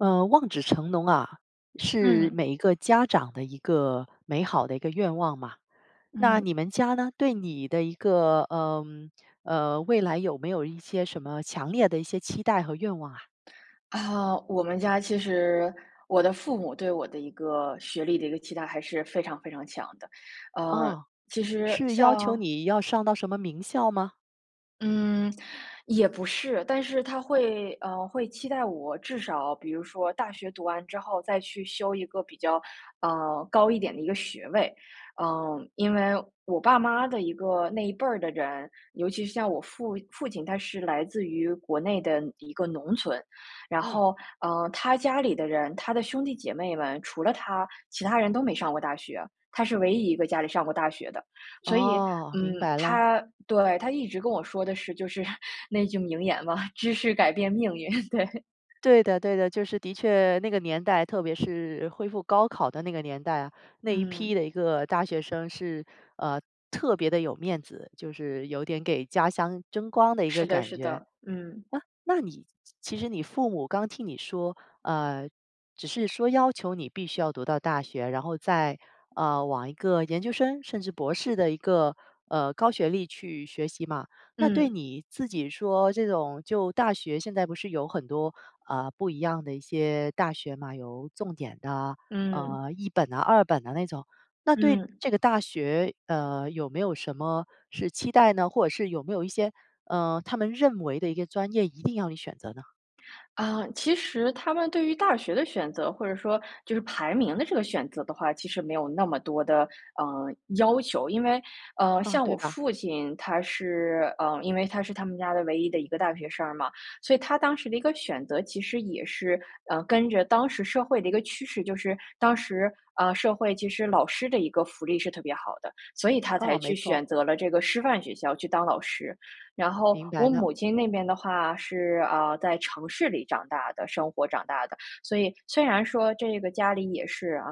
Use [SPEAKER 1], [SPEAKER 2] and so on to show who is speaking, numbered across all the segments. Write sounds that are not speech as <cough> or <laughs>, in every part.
[SPEAKER 1] 呃，望子成龙啊，是
[SPEAKER 2] 嗯。
[SPEAKER 1] 每一个家长的一个美好的一个愿望嘛。那
[SPEAKER 2] 嗯。
[SPEAKER 1] 你们家呢？对你的一个呃呃，未来有没有一些什么强烈的一些期待和愿望啊？
[SPEAKER 2] 啊，我们家其实我的父母对我的一个学历的一个期待还是非常非常强的，呃，
[SPEAKER 1] 啊，
[SPEAKER 2] 其实，
[SPEAKER 1] 是要求
[SPEAKER 2] 像
[SPEAKER 1] 你要上到什么名校吗？
[SPEAKER 2] 嗯，也不是，但是他会呃，会期待我至少，比如说大学读完之后再去修一个比较呃，高一点的一个学位。嗯，因为我爸妈的一个那一辈儿的人，尤其是像我父父亲，他是来自于国内的一个农村。然
[SPEAKER 1] 嗯。
[SPEAKER 2] 后，呃，他家里的人，他的兄弟姐妹们，除了他，其他人都没上过大学，他是唯一一个家里上过大学的。所以，
[SPEAKER 1] 哦，明
[SPEAKER 2] 嗯，
[SPEAKER 1] 白了。
[SPEAKER 2] 他对，他一直跟我说的是就是，那句名言嘛，“知识改变命运。”对。
[SPEAKER 1] 对的，对的。就是的确那个年代，特别是恢复高考的那个年代啊，那一批
[SPEAKER 2] 嗯。
[SPEAKER 1] 的一个大学生是呃，特别地有面子。就是有点给家乡争光的一个
[SPEAKER 2] 是的，
[SPEAKER 1] 感
[SPEAKER 2] 是
[SPEAKER 1] 觉。
[SPEAKER 2] 的，嗯。
[SPEAKER 1] 啊，那你其实你父母刚听你说，呃，只是说要求你必须要读到大学，然后再呃，往一个研究生？甚至博士的一个呃，高学历去学习嘛。那对
[SPEAKER 2] 嗯。
[SPEAKER 1] 你自己说这种就大学现在不是有很多呃，不一样的一些大学吗？有重点的，
[SPEAKER 2] 嗯。
[SPEAKER 1] 呃，一本啊二本的那种。那对
[SPEAKER 2] 嗯。
[SPEAKER 1] 这个大学，呃，有没有什么是期待呢？或者是有没有一些，呃，他们认为的一个专业一定要你选择呢？
[SPEAKER 2] 啊，其实他们对于大学的选择或者说，就是排名的这个选择的话，其实没有那么多的呃，要求。因为，呃，
[SPEAKER 1] 啊，
[SPEAKER 2] 像
[SPEAKER 1] 对
[SPEAKER 2] 我
[SPEAKER 1] 吧？
[SPEAKER 2] 父亲他是呃，因为他是他们家的唯一的一个大学生儿嘛，所以他当时的一个选择其实也是，呃，跟着当时社会的一个趋势，就是当时，呃，社会其实老师的一个福利是特别好的，所以他
[SPEAKER 1] 嗯，
[SPEAKER 2] 才
[SPEAKER 1] 没
[SPEAKER 2] 去
[SPEAKER 1] 错。
[SPEAKER 2] 选择了这个师范学校去当老师。然后，
[SPEAKER 1] 明白
[SPEAKER 2] 我
[SPEAKER 1] 的。
[SPEAKER 2] 母亲那边的话是，啊，在城市里长大的生活长大的，所以虽然说这个家里也是，啊，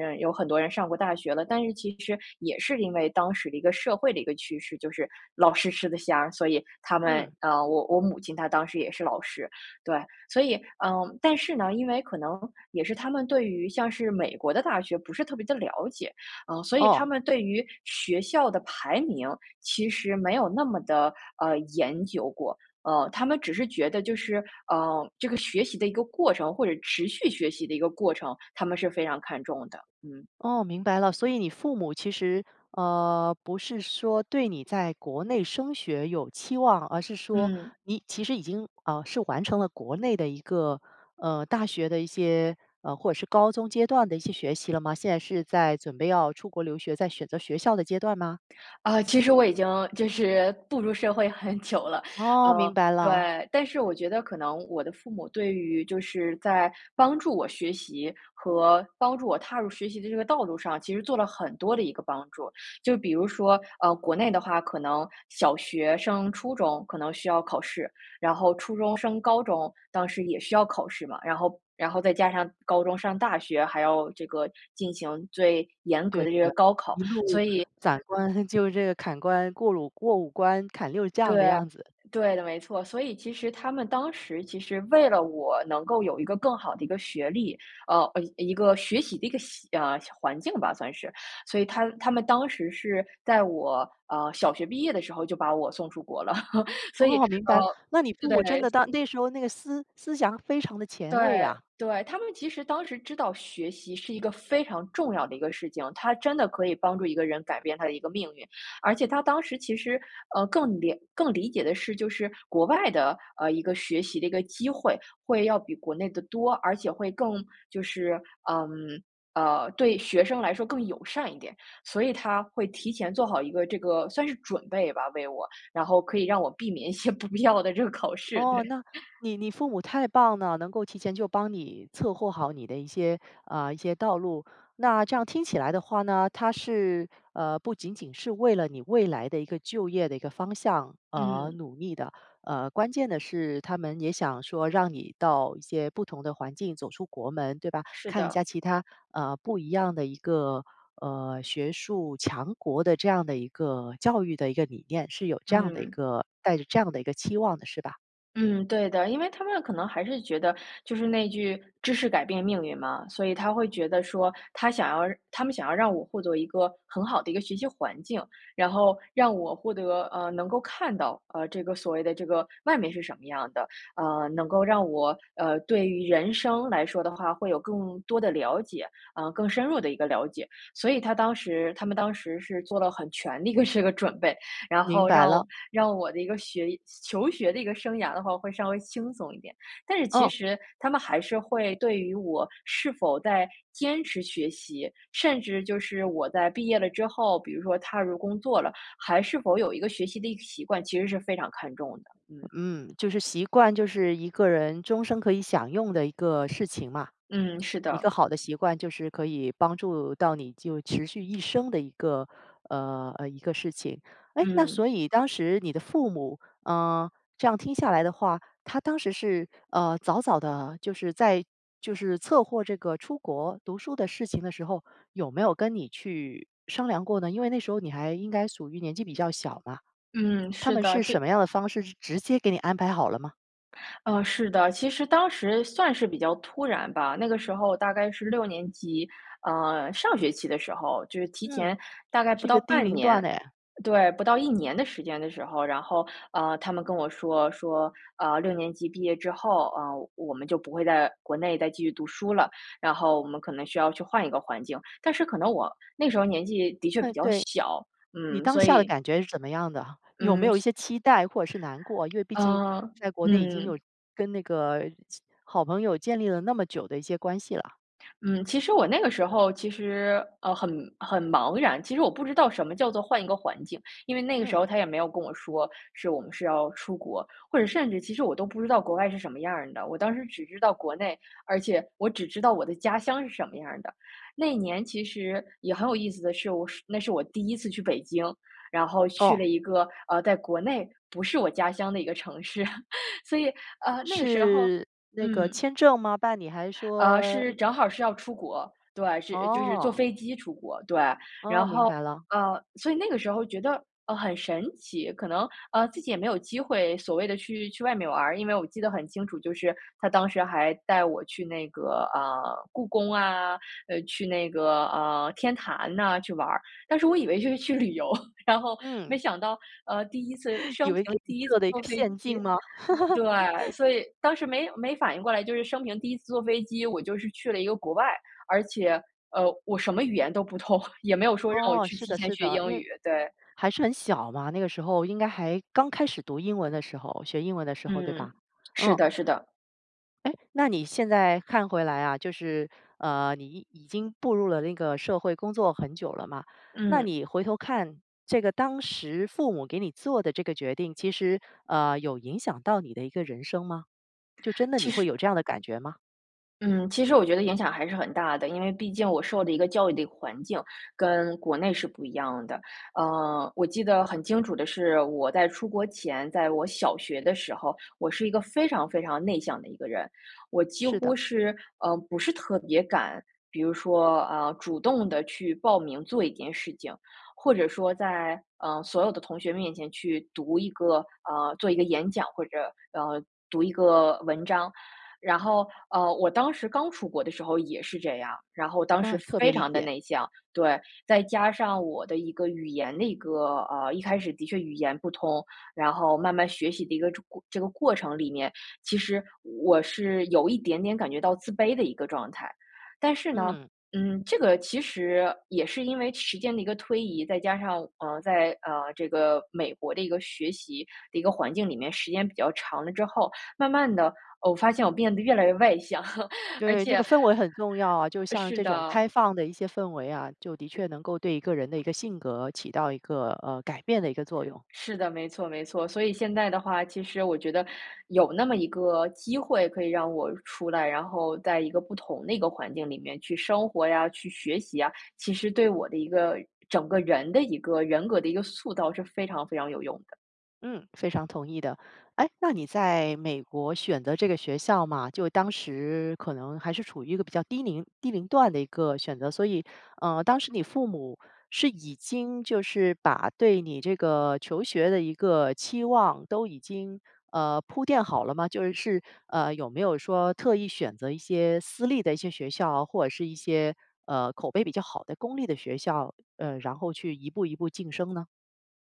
[SPEAKER 2] 呃有很多人上过大学了，但是其实也是因为当时的一个社会的一个趋势，就是，老师吃得香，所以他们，
[SPEAKER 1] 嗯。
[SPEAKER 2] 呃，我我母亲她当时也是老师，对。所以，嗯但是呢，因为可能也是他们对于像是美国的大学不是特别的了解，啊，所以他
[SPEAKER 1] 哦。
[SPEAKER 2] 们对于学校的排名其实没有那么的，呃，研究过，呃。他们只是觉得就是，呃，这个学习的一个过程或者持续学习的一个过程，他们是非常看重的。嗯。
[SPEAKER 1] 哦，明白了，所以你父母其实，呃，不是说对你在国内升学有期望，而是说
[SPEAKER 2] 嗯。
[SPEAKER 1] 你其实已经，啊，是完成了国内的一个，呃，大学的一些，呃，或者是高中阶段的一些学习了吗？现在是在准备要出国留学，在选择学校的阶段吗？
[SPEAKER 2] 啊，其实我已经就是步入社会很久了，
[SPEAKER 1] 哦，明
[SPEAKER 2] 呃，
[SPEAKER 1] 白了。
[SPEAKER 2] 对。但是我觉得可能我的父母对于就是在帮助我学习和帮助我踏入学习的这个道路上，其实做了很多的一个帮助。就比如说，呃，国内的话可能小学升初中可能需要考试，然后初中升高中当时也需要考试嘛，然后然后再加上高中上大学，还要这个进行最严格
[SPEAKER 1] 对
[SPEAKER 2] 的这个
[SPEAKER 1] 的，
[SPEAKER 2] 高考，
[SPEAKER 1] 一
[SPEAKER 2] 所
[SPEAKER 1] 路
[SPEAKER 2] 以
[SPEAKER 1] 斩关，就这个砍关过鲁过五关砍六
[SPEAKER 2] 对，
[SPEAKER 1] 将的样子。
[SPEAKER 2] 对的，没错。所以其实他们当时其实为了我能够有一个更好的一个学历，呃，一一个学习的一个习呃，环境吧，算是，所以他他们当时是在我，呃，小学毕业的时候就把我送出国了。<laughs> 所以，
[SPEAKER 1] 哦，明白
[SPEAKER 2] 呃，
[SPEAKER 1] 了。那你父母真
[SPEAKER 2] 对
[SPEAKER 1] 的当那时候那个思思想非常的前
[SPEAKER 2] 对，
[SPEAKER 1] 卫呀。
[SPEAKER 2] 对。他们其实当时知道学习是一个非常重要的一个事情。他真的可以帮助一个人改变他的一个命运。而且他当时其实，呃，更理更理解的是就是国外的，呃，一个学习的一个机会，会要比国内的多，而且会更就是，嗯，呃，对学生来说更友善一点。所以他会提前做好一个这个，算是准备吧，为我。然后可以让我避免一些不必要的这个考试，
[SPEAKER 1] 哦，
[SPEAKER 2] 对。<laughs>
[SPEAKER 1] 那，你你父母太棒了，能够提前就帮你策划好你的一些，啊，一些道路。那这样听起来的话呢，他是，呃，不仅仅是为了你未来的一个就业的一个方向而
[SPEAKER 2] 嗯。
[SPEAKER 1] 努力的。呃，关键的是他们也想说让你到一些不同的环境走出国门，对吧，
[SPEAKER 2] 是
[SPEAKER 1] 看一
[SPEAKER 2] 的。
[SPEAKER 1] 下其他，呃不一样的一个呃，学术强国的这样的一个教育的一个理念，是有这样的一
[SPEAKER 2] 嗯。
[SPEAKER 1] 个带着这样的一个期望的是吧？
[SPEAKER 2] 嗯，对的，因为他们可能还是觉得，就是那句，“知识改变命运”嘛。所以他会觉得说，他想要他们想要让我获得一个，很好的一个学习环境，然后让我获得呃，能够看到，呃，这个所谓的这个外面是什么样的，呃，能够让我，呃，对于人生来说的话，会有更多的了解，呃，更深入的一个了解。所以他当时他们当时是做了很全的一个这个准备，然
[SPEAKER 1] 明
[SPEAKER 2] 后
[SPEAKER 1] 白
[SPEAKER 2] 让
[SPEAKER 1] 了。
[SPEAKER 2] 让我的一个学求学的一个生涯的话会稍微轻松一点。但是其
[SPEAKER 1] 嗯。
[SPEAKER 2] 实，他们还是会对于我是否在坚持学习，甚至就是我在毕业了之后，比如说踏入工作了，还是否有一个学习的一个习惯，其实是非常看重的。嗯。
[SPEAKER 1] 嗯，就是习惯，就是一个人终生可以享用的一个事情嘛。
[SPEAKER 2] 嗯，是
[SPEAKER 1] 一个
[SPEAKER 2] 的。
[SPEAKER 1] 好的习惯就是可以帮助到你就持续一生的一个呃呃，一个事情。诶，那
[SPEAKER 2] 嗯。
[SPEAKER 1] 所以当时你的父母啊，这样听下来的话，他当时是，呃，早早地就是在就是策划这个出国读书的事情的时候，有没有跟你去商量过呢？因为那时候你还应该属于年纪比较小嘛。
[SPEAKER 2] 嗯，
[SPEAKER 1] 他
[SPEAKER 2] 是
[SPEAKER 1] 们
[SPEAKER 2] 的，
[SPEAKER 1] 是什
[SPEAKER 2] 介
[SPEAKER 1] 么样的方式，直直接给你安排好了吗？
[SPEAKER 2] 呃，是的。其实当时算是比较突然吧，那个时候大概是六年级，呃，上学期的时候。就是提
[SPEAKER 1] 嗯，
[SPEAKER 2] 前大概不
[SPEAKER 1] 是一
[SPEAKER 2] 到
[SPEAKER 1] 个低
[SPEAKER 2] 半
[SPEAKER 1] 龄段
[SPEAKER 2] 年
[SPEAKER 1] 哎。
[SPEAKER 2] 对，不到一年的时间的时候，然后，呃，他们跟我说说呃，六年级毕业之后，呃，我们就不会在国内再继续读书了，然后我们可能需要去换一个环境。但是可能我那时候年纪的确比
[SPEAKER 1] 嗯，
[SPEAKER 2] 较
[SPEAKER 1] 对。
[SPEAKER 2] 小，
[SPEAKER 1] 你
[SPEAKER 2] 嗯，
[SPEAKER 1] 当
[SPEAKER 2] 所
[SPEAKER 1] 下的
[SPEAKER 2] 以
[SPEAKER 1] 感觉是怎么样的？有没
[SPEAKER 2] 嗯
[SPEAKER 1] 有一些期待或者是难过，因为毕竟
[SPEAKER 2] 呃，
[SPEAKER 1] 在国内已经有
[SPEAKER 2] 嗯。
[SPEAKER 1] 跟那个其好朋友建立了那么久的一些关系了。
[SPEAKER 2] 嗯，其实我那个时候，其实，呃，很很茫然。其实我不知道什么叫做换一个环境，因为那个时
[SPEAKER 1] 嗯。
[SPEAKER 2] 候他也没有跟我说是我们是要出国，或者甚至其实我都不知道国外是什么样儿的。我当时只知道国内，而且我只知道我的家乡是什么样儿的。那年其实也很有意思的是我是那是我第一次去北京，然后去
[SPEAKER 1] 哦。
[SPEAKER 2] 了一个，呃，在国内不是我家乡的一个城市。<laughs> 所以呃，那个时候
[SPEAKER 1] 是那个
[SPEAKER 2] 嗯。
[SPEAKER 1] 签证吗？办理还是
[SPEAKER 2] 呃，
[SPEAKER 1] 说
[SPEAKER 2] 是正好是要出国，对，是就是坐
[SPEAKER 1] 哦。
[SPEAKER 2] 飞机出国，对。
[SPEAKER 1] 哦，
[SPEAKER 2] 然
[SPEAKER 1] 明
[SPEAKER 2] 后，
[SPEAKER 1] 白了。
[SPEAKER 2] 呃，所以那个时候觉得，呃，很神奇。可能呃，自己也没有机会所谓的去去外面玩儿，因为我记得很清楚，就是他当时还带我去那个，啊，故宫啊，呃，去那个，呃，天坛呐去玩儿。但是我以为就是去旅游，然后没
[SPEAKER 1] 嗯。
[SPEAKER 2] 想到呃，第一次生
[SPEAKER 1] 以为
[SPEAKER 2] 平
[SPEAKER 1] 给你
[SPEAKER 2] 第一次
[SPEAKER 1] 做了一个
[SPEAKER 2] 坐飞
[SPEAKER 1] 陷阱
[SPEAKER 2] 机。
[SPEAKER 1] 吗？
[SPEAKER 2] 对，所
[SPEAKER 1] <laughs>
[SPEAKER 2] 以当时没没反应过来，就是生平第一次坐飞机，我就是去了一个国外。而且，呃，我什么语言都不通，<chuckles> 也没有说让我
[SPEAKER 1] 哦，
[SPEAKER 2] 去
[SPEAKER 1] 是
[SPEAKER 2] 提
[SPEAKER 1] 的，
[SPEAKER 2] 前
[SPEAKER 1] 是
[SPEAKER 2] 学
[SPEAKER 1] 的，
[SPEAKER 2] 英
[SPEAKER 1] 因
[SPEAKER 2] 语，
[SPEAKER 1] 为
[SPEAKER 2] 对。
[SPEAKER 1] 还是很小嘛，那个时候应该还刚开始读英文的时候，学英文的时候对吧？
[SPEAKER 2] 嗯，是
[SPEAKER 1] 嗯，
[SPEAKER 2] 的，是的。
[SPEAKER 1] 哎，那你现在看回来啊，就是呃，你已已经步入了那个社会工作很久了嘛，那
[SPEAKER 2] 嗯。
[SPEAKER 1] 你回头看这个当时父母给你做的这个决定，其实，呃，有影响到你的一个人生吗？就真的你
[SPEAKER 2] 其
[SPEAKER 1] 会
[SPEAKER 2] 实
[SPEAKER 1] 有这样的感觉吗？
[SPEAKER 2] 嗯，其实我觉得影响还是很大的，因为毕竟我受的一个教育的环境跟国内是不一样的。呃，我记得很清楚的是，我在出国前，在我小学的时候，我是一个非常非常内向的一个人。我几
[SPEAKER 1] 是的。
[SPEAKER 2] 乎是，呃，不是特别敢，比如说啊，主动地去报名做一件事情。或者说在，呃，所有的同学面前去读一个，呃，做一个演讲，或者，呃，读一个文章。然后，呃，我当时刚出国的时候也是这样，然后当时
[SPEAKER 1] 嗯，特别
[SPEAKER 2] 非
[SPEAKER 1] 理
[SPEAKER 2] 常的
[SPEAKER 1] 解。
[SPEAKER 2] 内向，对。再加上我的一个语言的一个呃，一开始的确语言不通。然后慢慢学习的一个这个这个过程里面，其实我是有一点点感觉到自卑的一个状态。但是呢，
[SPEAKER 1] 嗯。
[SPEAKER 2] 嗯，这个其实，也是因为时间的一个推移。再加上呃，在，呃这个美国的一个学习的一个环境里面，时间比较长了之后，慢慢的，哦，发现我变得越来越外向，<laughs> 而
[SPEAKER 1] 对，这个
[SPEAKER 2] 且
[SPEAKER 1] 氛围很重要啊，就像
[SPEAKER 2] 是
[SPEAKER 1] 这种
[SPEAKER 2] 的。
[SPEAKER 1] 开放的一些氛围啊，就的确能够对一个人的一个性格起到一个呃，改变的一个作用。
[SPEAKER 2] 是的，没错没错。所以现在的话，其实我觉得，有那么一个机会可以让我出来，然后在一个不同的一个环境里面去生活呀，去学习呀，其实对我的一个整个人的一个人格的一个塑造是非常非常有用的。
[SPEAKER 1] 嗯，非常同意的。哎，那你在美国选择这个学校嘛，就当时可能还是处于一个比较低龄低龄段的一个选择。所以呃，当时你父母是已经就是把对你这个求学的一个期望都已经呃，铺垫好了吗？就是是，呃，有没有说特意选择一些私立的一些学校，或者是一些呃，口碑比较好的公立的学校，呃，然后去一步一步晋升呢？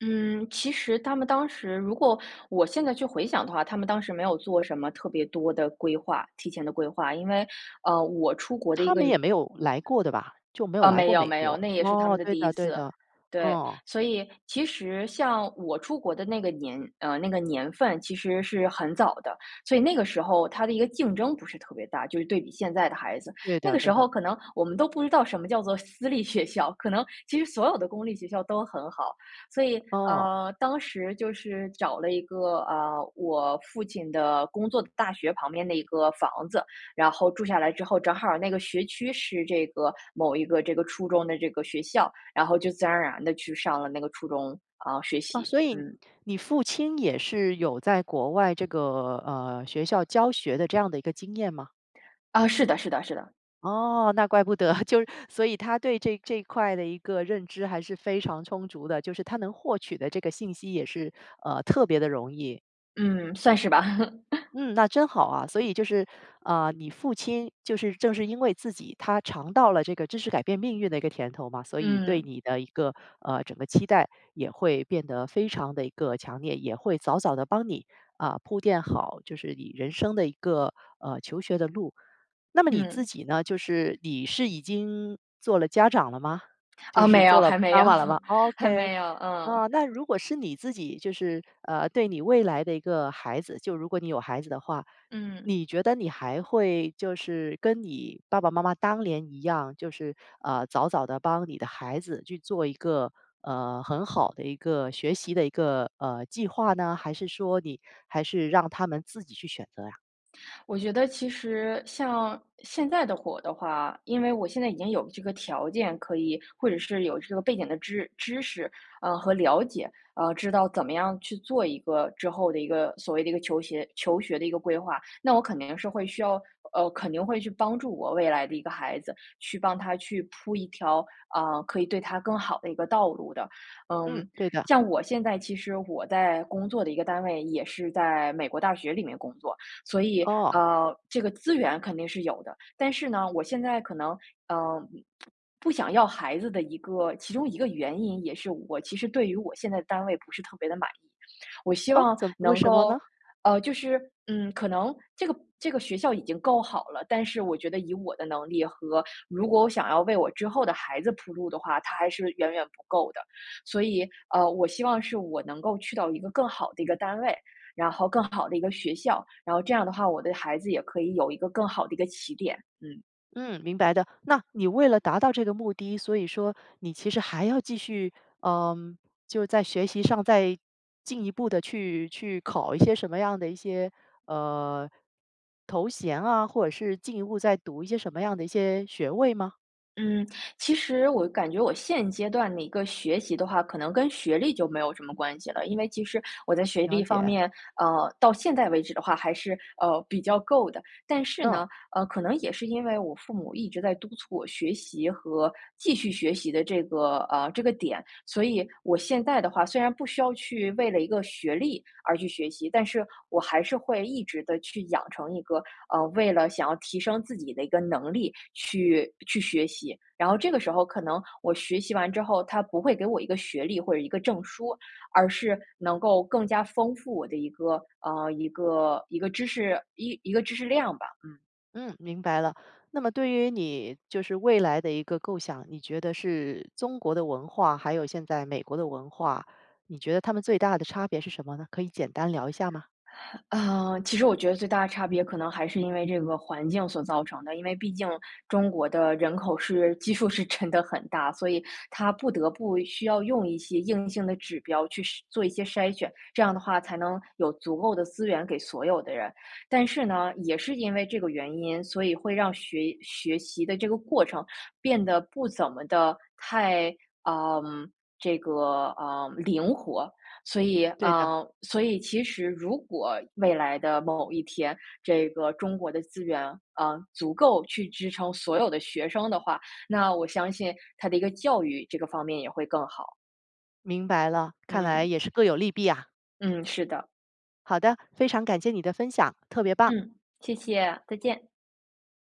[SPEAKER 2] 嗯，其实他们当时-如果我现在去回想的话，他们当时没有做什么特别多的规划提前的规划。因为，呃，我出国的一
[SPEAKER 1] 他
[SPEAKER 2] 个
[SPEAKER 1] 们也没有来过的吧，就没有
[SPEAKER 2] 呃，
[SPEAKER 1] 来
[SPEAKER 2] 没
[SPEAKER 1] 过
[SPEAKER 2] 有
[SPEAKER 1] 美
[SPEAKER 2] 没有。
[SPEAKER 1] 国。
[SPEAKER 2] 那也是他们
[SPEAKER 1] 哦，
[SPEAKER 2] 的
[SPEAKER 1] 对
[SPEAKER 2] 第一
[SPEAKER 1] 的，对
[SPEAKER 2] 次，
[SPEAKER 1] 的，
[SPEAKER 2] 对。
[SPEAKER 1] 哦。
[SPEAKER 2] 所以，其实像我出国的那个年呃，那个年份其实是很早的，所以那个时候它的一个竞争不是特别大，就是对比现在的孩子。
[SPEAKER 1] 对
[SPEAKER 2] 那
[SPEAKER 1] 的，
[SPEAKER 2] 个时
[SPEAKER 1] 对
[SPEAKER 2] 候
[SPEAKER 1] 的。
[SPEAKER 2] 可能我们都不知道什么叫做私立学校，可能其实所有的公立学校都很好。所以
[SPEAKER 1] 哦。
[SPEAKER 2] 呃，当时就是找了一个，啊，我父亲的工作的大学旁边的一个房子。然后住下来之后，正好那个学区是这个，某一个这个初中的这个学校，然后就自然而然地去上了那个初中，啊，学
[SPEAKER 1] 啊，
[SPEAKER 2] 习，
[SPEAKER 1] 所以
[SPEAKER 2] 嗯。
[SPEAKER 1] 你父亲也是有在国外这个呃，学校教学的这样的一个经验吗？
[SPEAKER 2] 啊，是的，是的，是的。
[SPEAKER 1] 哦，那怪不得。<chuckles> 就所以他对这这一块的一个认知还是非常充足的，就是他能获取的这个信息也是，呃，特别的容易。
[SPEAKER 2] 嗯，算是吧。<laughs>
[SPEAKER 1] 嗯，那真好啊。所以就是，呃，你父亲，就是正是因为自己他尝到了这个知识改变命运的一个甜头嘛，所以对
[SPEAKER 2] 嗯。
[SPEAKER 1] 你的一个，呃，整个期待也会变得非常得一个强烈，也会早早地帮你，啊，铺垫好就是你人生的一个，呃，求学的路。那么你自
[SPEAKER 2] 嗯。
[SPEAKER 1] 己呢？就是你是已经做了家长了吗？就
[SPEAKER 2] 哦
[SPEAKER 1] 是
[SPEAKER 2] 没
[SPEAKER 1] 做
[SPEAKER 2] 有，
[SPEAKER 1] 了
[SPEAKER 2] 还没
[SPEAKER 1] 妈
[SPEAKER 2] 有，
[SPEAKER 1] 妈了吗
[SPEAKER 2] <laughs> 还
[SPEAKER 1] ？OK。
[SPEAKER 2] 没有，嗯。
[SPEAKER 1] 啊，那如果是你自己就是，呃，对你未来的一个孩子，就如果你有孩子的话，
[SPEAKER 2] 嗯。
[SPEAKER 1] 你觉得你还会就是跟你爸爸妈妈当年一样，就是，呃，早早的帮你的孩子去做一个，呃，很好的一个学习的一个，呃，计划呢？还是说你还是让他们自己去选择呀？
[SPEAKER 2] 我觉得其实像现在的火的话，因为我现在已经有这个条件可以或者是有这个背景的知知识，呃和了解，啊，知道怎么样去做一个之后的一个所谓的一个求鞋求学的一个规划，那我肯定是会需要呃，肯定会去帮助我未来的一个孩子，去帮他去铺一条，啊，可以对他更好的一个道路的。嗯，
[SPEAKER 1] 嗯，对的。
[SPEAKER 2] 像我现在其实我在工作的一个单位也是在美国大学里面工作，所以，
[SPEAKER 1] 哦。
[SPEAKER 2] 呃，这个资源肯定是有的。但是呢，我现在可能，呃，不不想要孩子的一个其中一个原因，也是我其实对于我现在的单位不是特别的满意。我希
[SPEAKER 1] 哦？
[SPEAKER 2] 望
[SPEAKER 1] 怎为
[SPEAKER 2] 能
[SPEAKER 1] 什么
[SPEAKER 2] 够
[SPEAKER 1] 呢？
[SPEAKER 2] 呃，就是，嗯，可能这个这个学校已经够好了，但是我觉得以我的能力和如果我想要为我之后的孩子铺路的话，它还是远远不够的。所以，呃，我希望是我能够去到一个更好的一个单位，然后更好的一个学校。然后这样的话，我的孩子也可以有一个更好的一个起点，嗯。
[SPEAKER 1] 嗯明白的。那你为了达到这个目的，所以说你其实还要继续嗯，就在学习上再进一步地去去考一些什么样的一些，呃，头衔啊，或者是进一步再读一些什么样的一些学位吗？
[SPEAKER 2] 嗯。其实我感觉我现阶段的一个学习的话，可能跟学历就没有什么关系了。因为其实我在学
[SPEAKER 1] 了
[SPEAKER 2] 历方
[SPEAKER 1] 解。
[SPEAKER 2] 面，呃，到现在为止的话还是，呃，比较够的。但是呢，
[SPEAKER 1] 嗯。
[SPEAKER 2] 呃，可能也是因为我父母一直在督促我学习和继续学习的这个，呃，这个点，所以我现在的话虽然不需要去为了一个学历而去学习。但是我还是会一直地去养成一个，呃，为了想要提升自己的一个能力去去学习。然后这个时候可能我学习完之后，它不会给我一个学历或者一个证书，而是能够更加丰富我的一个，啊，一个一个知识，一一个知识量吧，嗯。
[SPEAKER 1] 嗯，明白了。那么对于你，就是未来的一个构想，你觉得是中国的文化，还有现在美国的文化，你觉得他们最大的差别是什么呢？可以简单聊一下吗？
[SPEAKER 2] 啊，其实我觉得最大的差别可能还是因为这个环境所造成的，因为毕竟中国的人口是基数是真的很大，所以它不得不需要用一些硬性的指标去筛做一些筛选，这样的话才能有足够的资源给所有的人。但是呢，也是因为这个原因，所以会让学学习的这个过程变得不怎么的太，呃，这个，呃，灵活。所以，
[SPEAKER 1] 对的。
[SPEAKER 2] 啊，所以其实如果未来的某一天，这个中国的资源，呃，足够去支撑所有的学生的话，那我相信它的一个教育这个方面也会更好。
[SPEAKER 1] 明白了，看来
[SPEAKER 2] 嗯。
[SPEAKER 1] 也是各有利弊呀。
[SPEAKER 2] 嗯，是的。
[SPEAKER 1] 好的，非常感谢你的分享，特别棒！
[SPEAKER 2] 嗯，谢谢，再见。